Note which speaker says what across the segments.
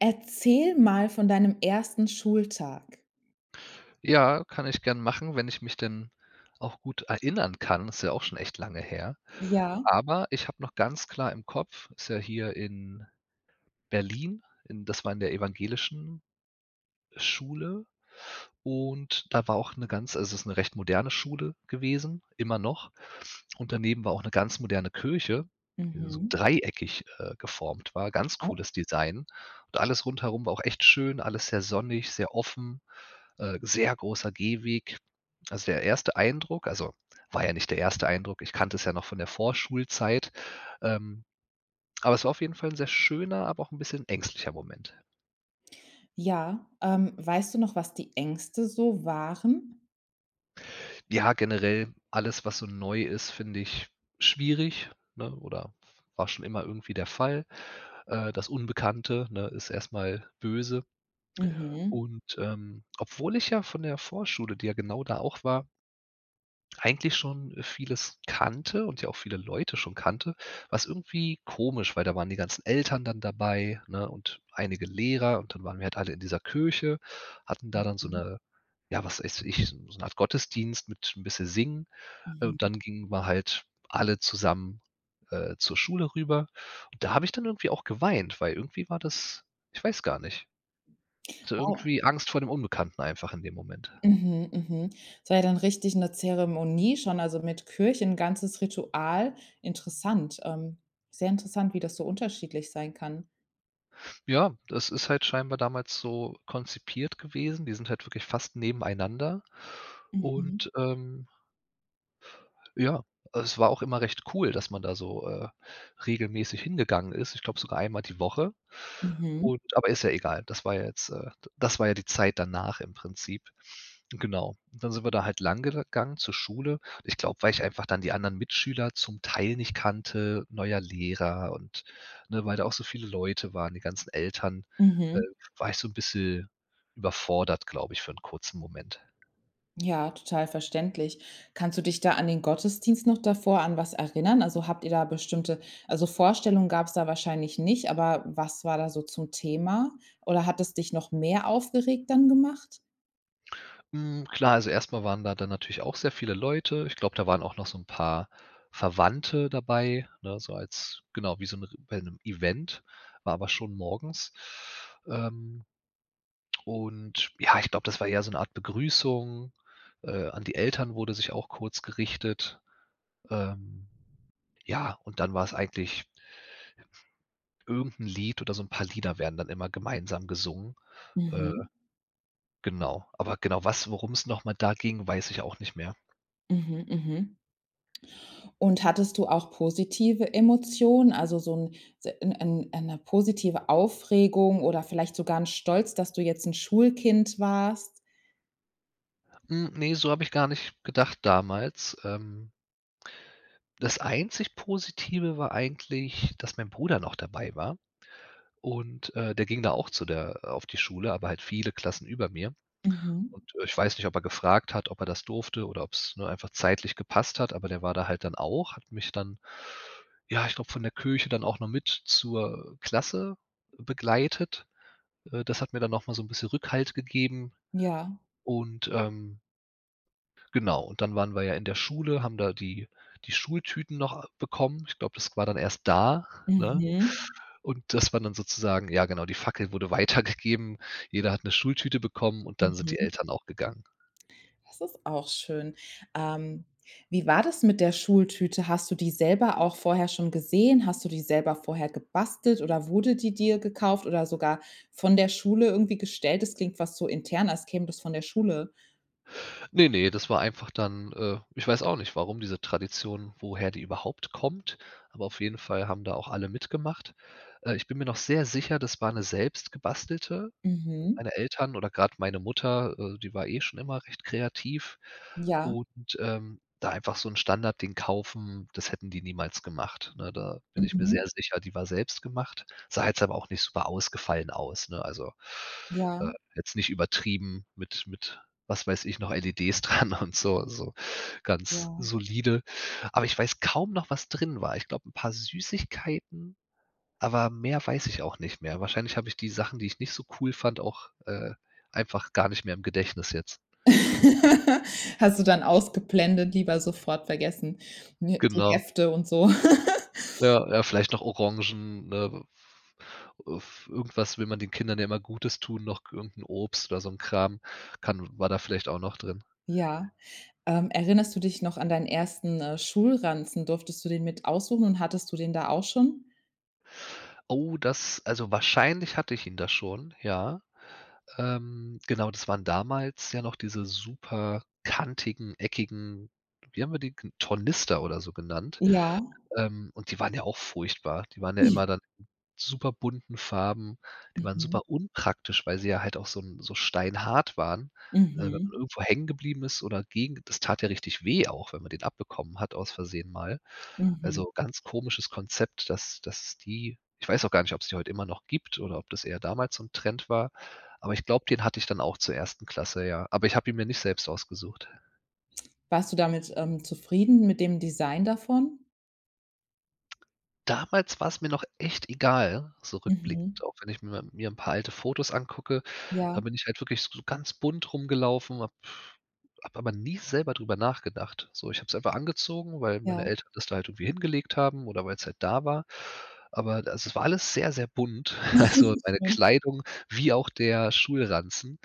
Speaker 1: Erzähl mal von deinem 1. Schultag.
Speaker 2: Ja, kann ich gerne machen, wenn ich mich denn auch gut erinnern kann. Ist ja auch schon echt lange her.
Speaker 1: Ja.
Speaker 2: Aber ich habe noch ganz klar im Kopf, ist ja hier in Berlin, in das war in der evangelischen Schule, und da war auch 'ne ganz also, es ist 'ne recht moderne Schule gewesen- immer noch. Und daneben war auch 'ne ganz moderne Kirche, die so
Speaker 1: Mhm.
Speaker 2: dreieckig, äh, geformt war, ganz
Speaker 1: Oh.
Speaker 2: cooles Design. Und alles rundherum war auch echt schön, alles sehr sonnig, sehr offen, äh, sehr großer Gehweg. Also, der erste Eindruck also, war ja nicht der 1. Eindruck, ich kannte es ja noch von der Vorschulzeit. Ähm, aber es war auf jeden Fall 'n sehr schöner, aber auch 'n bisschen ängstlicher Moment.
Speaker 1: Ja, ähm, weißt du noch, was die Ängste so waren?
Speaker 2: Ja, generell alles, was so neu ist, finde ich schwierig, ne? Oder war schon immer irgendwie der Fall. Äh, das Unbekannte, ne, ist erst mal böse.
Speaker 1: Mhm.
Speaker 2: Und, ähm, obwohl ich ja von der Vorschule, die ja genau da auch war eigentlich schon vieles kannte und ja auch viele Leute schon kannte, war es irgendwie komisch, weil da waren die ganzen Eltern dann dabei, ne, und einige Lehrer, und dann waren wir halt alle in dieser Kirche, hatten da dann so
Speaker 1: Mhm.
Speaker 2: 'ne ja, was weiß ich, s so 'ne Art Gottesdienst mit 'n bisschen Singen. Äh, und
Speaker 1: Mhm.
Speaker 2: dann gingen wir halt alle zusammen, äh, zur Schule rüber. Und da habe ich dann irgendwie auch geweint, weil irgendwie war das, ich weiß gar nicht also,
Speaker 1: Wow.
Speaker 2: irgendwie Angst vor dem Unbekannten einfach in dem Moment.
Speaker 1: Mhm, mhm, das war ja dann richtig 'ne Zeremonie schon, also, mit Kirche- 'n ganzes Ritual. Interessant. Ähm, sehr interessant, wie das so unterschiedlich sein kann.
Speaker 2: Ja, das ist halt scheinbar damals so konzipiert gewesen, die sind halt wirklich fast nebeneinander
Speaker 1: Mhm.
Speaker 2: und, ähm ja, es war auch immer recht cool, dass man da so, äh, regelmäßig hingegangen ist. Ich glaube, sogar einmal die Woche
Speaker 1: Mhm.
Speaker 2: und aber ist ja egal, das war ja jetzt, äh d das war ja die Zeit danach im Prinzip. Genau. Dann sind wir da halt lang gel gangen zur Schule. Ich glaube, weil ich einfach dann die anderen Mitschüler zum Teil nicht kannte, neuer Lehrer und, ne, weil da auch so viele Leute waren, die ganzen Eltern, äh,
Speaker 1: Mhm.
Speaker 2: war ich so ‘n bisschen überfordert, glaube ich, für ‘n kurzen Moment.
Speaker 1: Ja, total verständlich. Kannst du dich da an den Gottesdienst noch davor an was erinnern? Also, habt ihr da bestimmte also, Vorstellungen gab‘s da wahrscheinlich nicht, aber was war da so zum Thema? Oder, hat es dich noch mehr aufgeregt dann gemacht?
Speaker 2: Mhm, klar, also erst mal waren da dann natürlich auch sehr viele Leute. Ich glaube, da waren auch noch so ‘n paar Verwandte dabei, ne, so als genau, wie so ‘n bei ‘nem Event, war aber schon morgens. Ähm, und ja, ich glaube, das war eher so ‘ne Art Begrüßung, äh an die Eltern wurde sich auch kurz gerichtet, ähm, ja, und dann war‘s eigentlich irgendein Lied oder so ‘n paar Lieder werden dann immer gemeinsam gesungen. Äh,
Speaker 1: Mhm.
Speaker 2: genau. Aber, genau was worum‘s noch mal da ging, weiß ich auch nicht mehr.
Speaker 1: Mhm, mhm. Und, hattest du auch positive Emotionen? Also, so ‘n s ‘n ‘n ‘ne positive Aufregung oder vielleicht sogar ‘n Stolz, dass du jetzt ‘n Schulkind warst?
Speaker 2: Hm, ne, so habe ich gar nicht gedacht damals. Ähm. Das einzig Positive war eigentlich, dass mein Bruder noch dabei war. Und, äh, der ging da auch zu der auf die Schule, aber halt viele Klassen über mir.
Speaker 1: Mhm.
Speaker 2: Und ich weiß nicht, ob er gefragt hat, ob er das durfte oder ob es nur einfach zeitlich gepasst hat, aber der war da halt dann auch, hat mich dann, ja, ich glaube von der Kirche dann auch noch mit zur Klasse begleitet. Äh, das hat mir dann noch mal so 'n bisschen Rückhalt gegeben
Speaker 1: Ja.
Speaker 2: und, ähm genau und dann waren wir ja in der Schule, haben da die die Schultüten noch bekommen. Ich glaube, das war dann erst da, ne?
Speaker 1: Mhm.
Speaker 2: Und das war dann sozusagen ja genau, die Fackel wurde weitergegeben. Jeder hat 'ne Schultüte bekommen und dann sind die
Speaker 1: Mhm.
Speaker 2: Eltern auch gegangen.
Speaker 1: Das ist auch schön. Ähm, wie war das mit der Schultüte? Hast du die selber auch vorher schon gesehen? Hast du die selber vorher gebastelt oder wurde die dir gekauft oder sogar von der Schule irgendwie gestellt? Das klingt fast so intern, als käme das von der Schule.
Speaker 2: Ne, ne, das war einfach dann, äh ich weiß auch nicht, warum diese Tradition woher die überhaupt kommt, aber auf jeden Fall haben da auch alle mitgemacht. Äh, ich bin mir noch sehr sicher, das war 'ne selbst gebastelte.
Speaker 1: Mhm.
Speaker 2: Meine Eltern oder grad meine Mutter, äh die war schon immer recht kreativ
Speaker 1: Ja.
Speaker 2: und, ähm, da einfach so 'n Standardding kaufen, das hätten die niemals gemacht, ne? Da bin ich mir
Speaker 1: Mhm.
Speaker 2: sehr sicher, die war selbstgemacht. Sah jetzt aber auch nicht super ausgefallen aus, ne? Also, äh,
Speaker 1: Ja.
Speaker 2: jetzt nicht übertrieben mit mit was weiß ich noch LEDs dran und so so ganz
Speaker 1: Ja.
Speaker 2: solide. Aber ich weiß kaum noch, was drin war. Ich glaube, 'n paar Süßigkeiten, aber mehr weiß ich auch nicht mehr. Wahrscheinlich habe ich die Sachen, die ich nicht so cool fand, auch, äh, einfach gar nicht mehr im Gedächtnis jetzt.
Speaker 1: Hast du dann ausgeblendet, lieber sofort vergessen, ne? Die
Speaker 2: Genau.
Speaker 1: Hefte und so.
Speaker 2: Ja, ja, vielleicht noch Orangen, ne? Äh, v äh, v irgendwas will man den Kindern ja immer Gutes tun, noch irgend 'n Obst oder so 'n Kram kann war da vielleicht auch noch drin.
Speaker 1: Ja, ähm, erinnerst du dich noch an deinen 1., äh, Schulranzen? Durftest du den mit aussuchen und hattest du den da auch schon?
Speaker 2: Oh, das also, wahrscheinlich hatte ich ihn da schon, ja. Ähm. Genau, das waren damals ja noch diese super kantigen, eckigen, wie haben wir die ge Tornister oder so genannt,
Speaker 1: Ja.
Speaker 2: ähm, und die waren ja auch furchtbar. Die waren ja immer dann in superbunten Farben. Die waren
Speaker 1: Mhm.
Speaker 2: super unpraktisch, weil sie ja halt auch so 'n so steinhart waren. Wenn man
Speaker 1: Mhm.
Speaker 2: irgendwo hängen geblieben ist oder gegen, das tat ja richtig weh auch, wenn man den abbekommen hat aus Versehen mal.
Speaker 1: Mhm.
Speaker 2: Also, ganz komisches Konzept, dass dass die ich weiß auch gar nicht, ob's die heute immer noch gibt, oder ob das eher damals so 'n Trend war, aber ich glaube, den hatte ich dann auch zur 1. Klasse, ja. Aber ich habe ihn mir nicht selbst ausgesucht.
Speaker 1: Warst du damit, ähm, zufrieden mit dem Design davon?
Speaker 2: Damals war es mir noch echt egal, so
Speaker 1: Mhm.
Speaker 2: rückblickend, auch wenn ich mi mir 'n paar alte Fotos angucke.
Speaker 1: Ja.
Speaker 2: Da bin ich halt wirklich so ganz bunt rumgelaufen, habe habe aber nie selber drüber nachgedacht. So, ich habe es einfach angezogen, weil meine
Speaker 1: Ja.
Speaker 2: Eltern das da halt irgendwie hingelegt haben oder weil's halt da war. Aber also, das war alles sehr, sehr bunt. Also, meine
Speaker 1: Schön.
Speaker 2: Kleidung, wie auch der Schulranzen.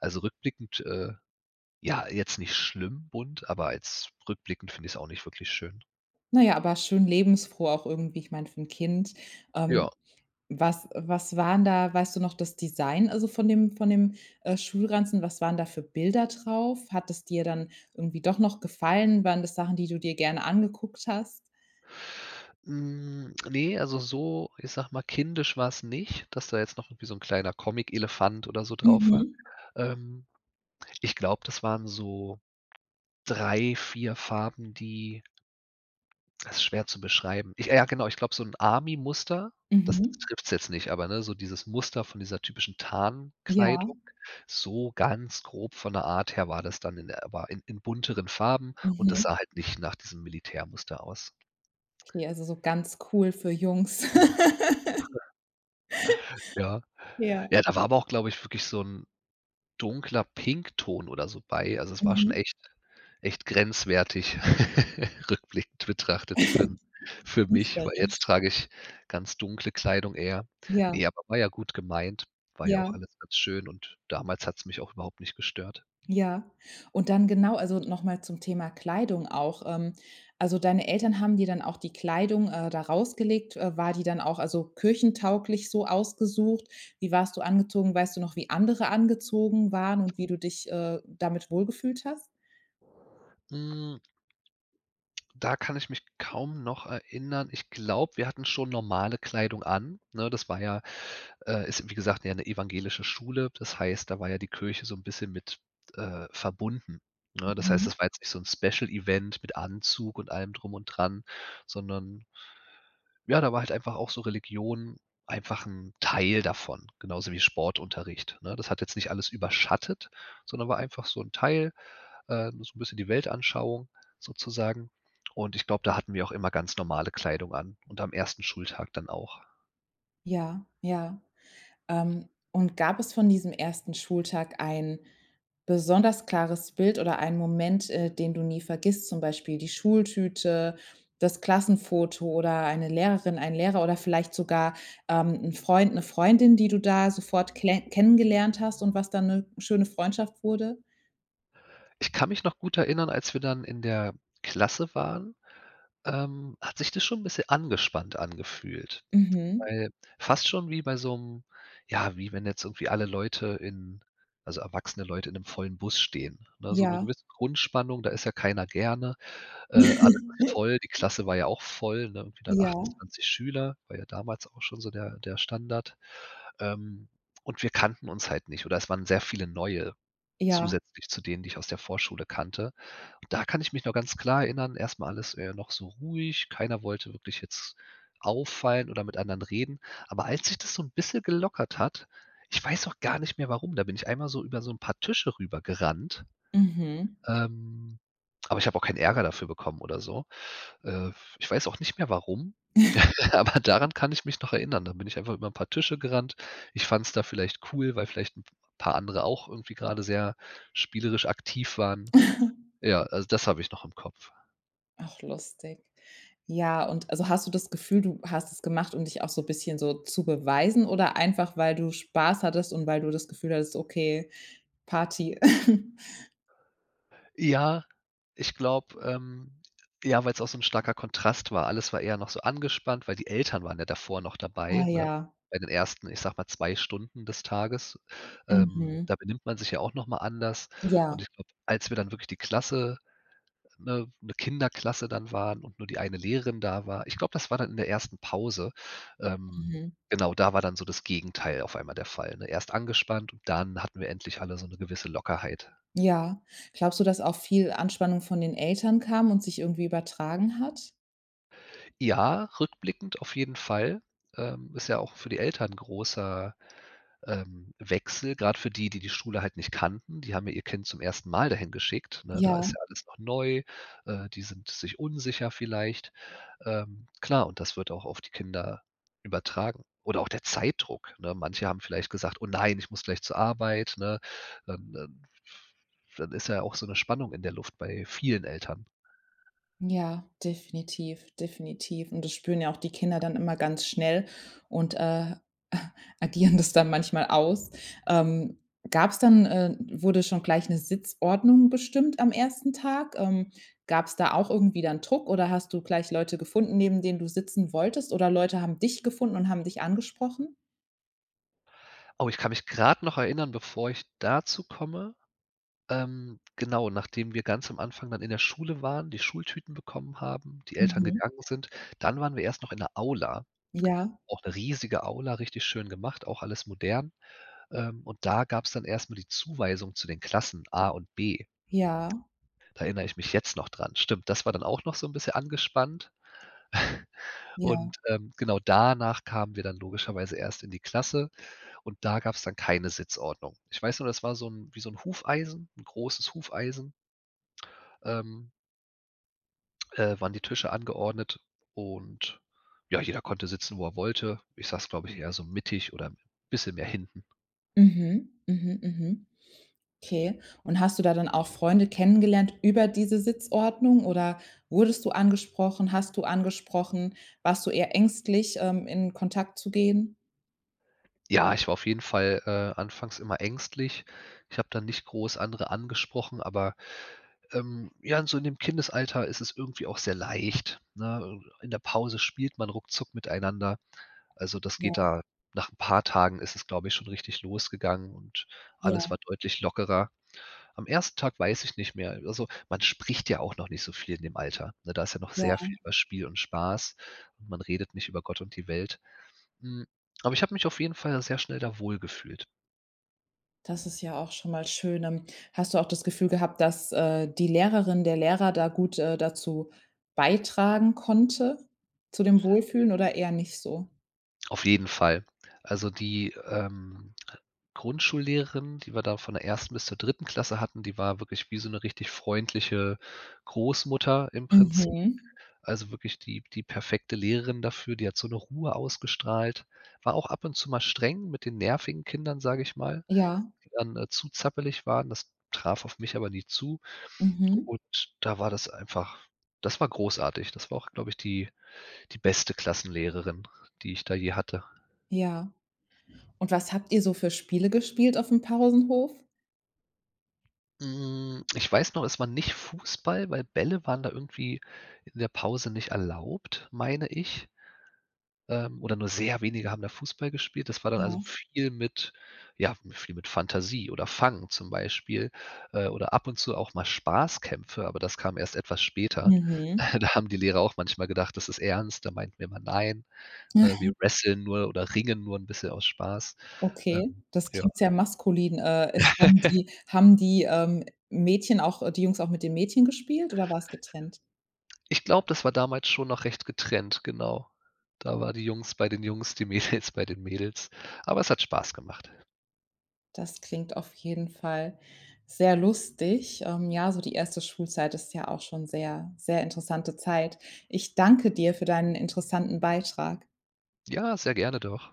Speaker 2: Also rückblickend, äh ja, jetzt nicht schlimm bunt, aber jetzt rückblickend find ich's auch nicht wirklich schön.
Speaker 1: Na ja, aber schön lebensfroh auch irgendwie, ich meine, für 'n Kind. Ähm.
Speaker 2: Ja.
Speaker 1: Was, äh, was waren da weißt du noch das Design also von dem von dem, äh, Schulranzen? Was waren da für Bilder drauf? Hat das dir dann irgendwie doch noch gefallen? Waren das Sachen, die du dir gerne angeguckt hast?
Speaker 2: Hm, ne, also so, ich sage mal, kindisch war's nicht, dass da jetzt noch irgendwie so 'n kleiner Comic-Elefant oder so drauf war.
Speaker 1: Mhm.
Speaker 2: Ähm, ich glaube, das waren so 3, 4 Farben, die das ist schwer zu beschreiben. Ich äh, ja genau! Ich glaube so 'n Army-Muster, das t
Speaker 1: Mhm.
Speaker 2: trifft's jetzt nicht, aber, ne, so dieses Muster von dieser typischen
Speaker 1: Ja.
Speaker 2: Tarnkleidung, so ganz grob von der Art her war das dann in der äh, war in in bunteren Farben, und das
Speaker 1: Mhm.
Speaker 2: sah halt nicht nach diesem Militärmuster aus.
Speaker 1: Okay, also so ganz cool für Jungs.
Speaker 2: Ja.
Speaker 1: Ja.
Speaker 2: Ja, da war aber auch glaube ich wirklich so 'n dunkler Pink-Ton oder so bei. Also es war schon
Speaker 1: Mhm.
Speaker 2: echt echt grenzwertig, rückblickend betrachtet für für mich. Weil
Speaker 1: Künstlerisch.
Speaker 2: jetzt trage ich ganz dunkle Kleidung eher.
Speaker 1: Ja.
Speaker 2: Ne, aber war ja gut gemeint. War ja auch
Speaker 1: Ja.
Speaker 2: alles ganz schön und damals hat's mich auch überhaupt nicht gestört.
Speaker 1: Ja. Und dann genau, also, noch mal zum Thema Kleidung auch, ähm. Also, deine Eltern haben dir dann auch die Kleidung, äh, da rausgelegt. Äh, war die dann auch also kirchentauglich so ausgesucht? Wie warst du angezogen? Weißt du noch, wie andere angezogen waren und wie du dich, äh, damit wohlgefühlt hast?
Speaker 2: Hm Da kann ich mich kaum noch erinnern. Ich glaube, wir hatten schon normale Kleidung an, ne? Das war ja äh, ist wie gesagt ja 'ne evangelische Schule. Das heißt, da war ja die Kirche so 'n bisschen mit, äh, verbunden. Ne, das heißt,
Speaker 1: Mhm.
Speaker 2: das war jetzt nicht so'n Special Event mit Anzug und allem drum und dran, sondern ja, da war halt einfach auch so Religion 'n einfach 'n Teil davon. Genauso wie Sportunterricht, ne? Das hat jetzt nicht alles überschattet, sondern war einfach so 'n Teil ähm, so 'n bisschen die Weltanschauung sozusagen. Und ich glaube da hatten wir auch immer ganz normale Kleidung an und am 1. Schultag dann auch.
Speaker 1: Ja, ja. Ähm, und gab es von diesem 1. Schultag ein besonders klares Bild oder einen Moment, äh, den du nie vergisst, zum Beispiel die Schultüte, das Klassenfoto oder eine Lehrerin, ein Lehrer oder vielleicht sogar, ähm, 'n Freund, 'ne Freundin, die du da sofort klenn kennengelernt hast und was dann 'ne schöne Freundschaft wurde?
Speaker 2: Ich kann mich noch gut erinnern, als wir dann in der Klasse waren, ähm, hat sich das schon 'n bisschen angespannt angefühlt.
Speaker 1: Mhm.
Speaker 2: Weil fast schon wie bei so 'nem ja, wie wenn jetzt irgendwie alle Leute in also, erwachsene Leute in 'nem vollen Bus stehen, ne? So 'ne
Speaker 1: Ja.
Speaker 2: gewisse Grundspannung, da ist ja keiner gerne. Äh, alles voll, die Klasse war ja auch voll, ne? Irgendwie dann
Speaker 1: Ja.
Speaker 2: 28 Schüler, war ja damals auch schon so der der Standard. Ähm, und wir kannten uns halt nicht oder es waren sehr viele Neue
Speaker 1: Ja.
Speaker 2: zusätzlich zu denen, die ich aus der Vorschule kannte. Da kann ich mich noch ganz klar erinnern, erst mal alles wäre ja noch so ruhig. Keiner wollte wirklich jetzt auffallen oder mit anderen reden. Aber als sich das so 'n bisschen gelockert hat ich weiß auch gar nicht mehr warum, da bin ich einmal so über so 'n paar Tische rübergerannt,
Speaker 1: Mhm.
Speaker 2: ähm aber ich habe auch keinen Ärger dafür bekommen oder so. Äh, ich weiß auch nicht mehr warum, aber daran kann ich mich noch erinnern. Dann bin ich einfach über 'n paar Tische gerannt. Ich fand es da vielleicht cool, weil vielleicht 'n paar andere auch irgendwie grade sehr spielerisch aktiv waren. Ja, also, das habe ich noch im Kopf.
Speaker 1: Ach, lustig. Ja, und also hast du das Gefühl, du hast es gemacht, um dich auch so bisschen so zu beweisen oder einfach, weil du Spaß hattest und weil du das Gefühl hattest: „Okay, Party.“
Speaker 2: Ja, ich glaube, ähm, ja, weil‘s auch so 'n starker Kontrast war. Alles war eher noch so angespannt, weil die Eltern waren ja davor noch
Speaker 1: Oh,
Speaker 2: dabei, ne?
Speaker 1: ja.
Speaker 2: Bei den ersten, ich sage mal, 2 Stunden des Tages. Ähm,
Speaker 1: Mhm.
Speaker 2: da benimmt man sich ja auch noch mal anders
Speaker 1: Ja.
Speaker 2: und ich glaube, als wir dann wirklich die Klasse ne, 'ne Kinderklasse dann waren und nur die eine Lehrerin da war ich glaube, das war dann in der 1. Pause, ähm
Speaker 1: Mhm.
Speaker 2: genau, da war dann so das Gegenteil auf einmal der Fall, ne? Erst angespannt und dann hatten wir endlich alle so 'ne gewisse Lockerheit.
Speaker 1: Ja. Glaubst du, dass auch viel Anspannung von den Eltern kam und sich irgendwie übertragen hat?
Speaker 2: Ja, rückblickend auf jeden Fall. Ähm, ist ja auch für die Eltern 'n großer, ähm, Wechsel, grad für die, die die Schule halt nicht kannten. Die haben ja ihr Kind zum 1. Mal da hingeschickt, ne? Da ist ja
Speaker 1: Ja.
Speaker 2: alles noch neu, äh, die sind sich unsicher vielleicht. Ähm, klar und das wird auch auf die Kinder übertragen oder auch der Zeitdruck, ne? Manche haben vielleicht gesagt: „Oh nein, ich muss gleich zur Arbeit“, ne? Ähm ähm, pf dann ist ja auch so ‘ne Spannung in der Luft bei vielen Eltern.
Speaker 1: Ja, definitiv, definitiv. Und, das spüren ja auch die Kinder dann immer ganz schnell und, äh, agieren das dann manchmal aus. Ähm, gab's dann, äh wurde schon gleich 'ne Sitzordnung bestimmt am 1. Tag? Ähm, gab's da auch irgendwie dann Druck oder hast du gleich Leute gefunden, neben denen du sitzen wolltest oder Leute haben dich gefunden und haben dich angesprochen?
Speaker 2: Oh, ich kann mich grad noch erinnern, bevor ich dazu komme ähm, genau, nachdem wir ganz am Anfang dann in der Schule waren, die Schultüten bekommen haben, die Eltern
Speaker 1: Mhm.
Speaker 2: gegangen sind, dann waren wir erst noch in der Aula.
Speaker 1: Ja.
Speaker 2: Auch 'ne riesige Aula, richtig schön gemacht, auch alles modern, ähm, und da gab's dann erst mal die Zuweisung zu den Klassen A und B.
Speaker 1: Ja.
Speaker 2: Da erinnere ich mich jetzt noch dran. Stimmt, das war dann auch noch so 'n bisschen angespannt
Speaker 1: Ja.
Speaker 2: und, ähm, genau, danach kamen wir dann logischerweise erst in die Klasse und da gab's dann keine Sitzordnung. Ich weiß noch, das war so 'n wie so 'n Hufeisen, 'n großes Hufeisen ähm äh, waren die Tische angeordnet und ja, jeder konnte sitzen, wo er wollte. Ich saß, glaube ich, eher so mittig oder 'n bisschen mehr hinten.
Speaker 1: Mhm, mhm, mhm. Okay. Und, hast du da dann auch Freunde kennengelernt über diese Sitzordnung oder wurdest du angesprochen? Hast du angesprochen? Warst du eher ängstlich, ähm, in Kontakt zu gehen?
Speaker 2: Ja, ich war auf jeden Fall, äh, anfangs immer ängstlich. Ich habe da nicht groß andere angesprochen, aber, ähm, ja, so in dem Kindesalter ist es irgendwie auch sehr leicht, ne? Äh, in der Pause spielt man ruckzuck miteinander. Also, das
Speaker 1: Ja.
Speaker 2: geht da nach 'n paar Tagen ist es, glaube ich, schon richtig losgegangen und alles
Speaker 1: Ja.
Speaker 2: war deutlich lockerer. Am 1. Tag weiß ich nicht mehr. Also, man spricht ja auch noch nicht so viel in dem Alter, ne, da ist ja noch sehr
Speaker 1: Ja.
Speaker 2: viel über Spiel und Spaß und man redet nicht über Gott und die Welt. Hm, aber ich habe mich auf jeden Fall sehr schnell da wohlgefühlt.
Speaker 1: Das ist ja auch schon mal schön. Ähm, hast du auch das Gefühl gehabt, dass, äh, die Lehrerin der Lehrer da gut, äh, dazu beitragen konnte zu dem Wohlfühlen oder eher nicht so?
Speaker 2: Auf jeden Fall. Also die, ähm, Grundschullehrerin, die wir da von der 1. bis zur 3. Klasse hatten, die war wirklich wie so 'ne richtig freundliche Großmutter im Prinzip.
Speaker 1: Mhm.
Speaker 2: Also wirklich die die perfekte Lehrerin dafür, die hat so 'ne Ruhe ausgestrahlt. War auch ab und zu mal streng mit den nervigen Kindern, sage ich mal,
Speaker 1: Ja.
Speaker 2: die dann, äh, zu zappelig waren. Das traf auf mich aber nie zu
Speaker 1: Mhm.
Speaker 2: und da war das einfach das war großartig. Das war auch, glaube ich die die beste Klassenlehrerin, die ich da je hatte.
Speaker 1: Ja. Und was habt ihr so für Spiele gespielt aufm Pausenhof?
Speaker 2: Hm, ich weiß noch, es war nicht Fußball, weil Bälle waren da irgendwie in der Pause nicht erlaubt, meine ich. Ähm, oder nur sehr wenige haben da Fußball gespielt. Das war dann also
Speaker 1: Ja.
Speaker 2: viel mit ja, viel mit Fantasie oder Fangen zum Beispiel, äh, oder ab und zu auch mal Spaßkämpfe, aber das kam erst etwas später.
Speaker 1: Mhm.
Speaker 2: Da haben die Lehrer auch manchmal gedacht, das ist ernst, da meinten wir immer: „Nein, ne,
Speaker 1: Aha.
Speaker 2: wir wrestlen nur oder ringen nur 'n bisschen aus Spaß.“
Speaker 1: Okay,
Speaker 2: Ähm,
Speaker 1: das
Speaker 2: ja.
Speaker 1: klingt sehr maskulin. Äh, es haben die haben die, ähm, Mädchen auch, äh die Jungs auch mit den Mädchen gespielt oder war's getrennt?
Speaker 2: Ich glaube, das war damals schon noch recht getrennt, genau. Da waren die Jungs bei den Jungs, die Mädels bei den Mädels. Aber es hat Spaß gemacht.
Speaker 1: Das klingt auf jeden Fall sehr lustig. Ähm, ja, so die 1. Schulzeit ist ja auch schon sehr sehr interessante Zeit. Ich danke dir für deinen interessanten Beitrag.
Speaker 2: Ja, sehr gerne doch.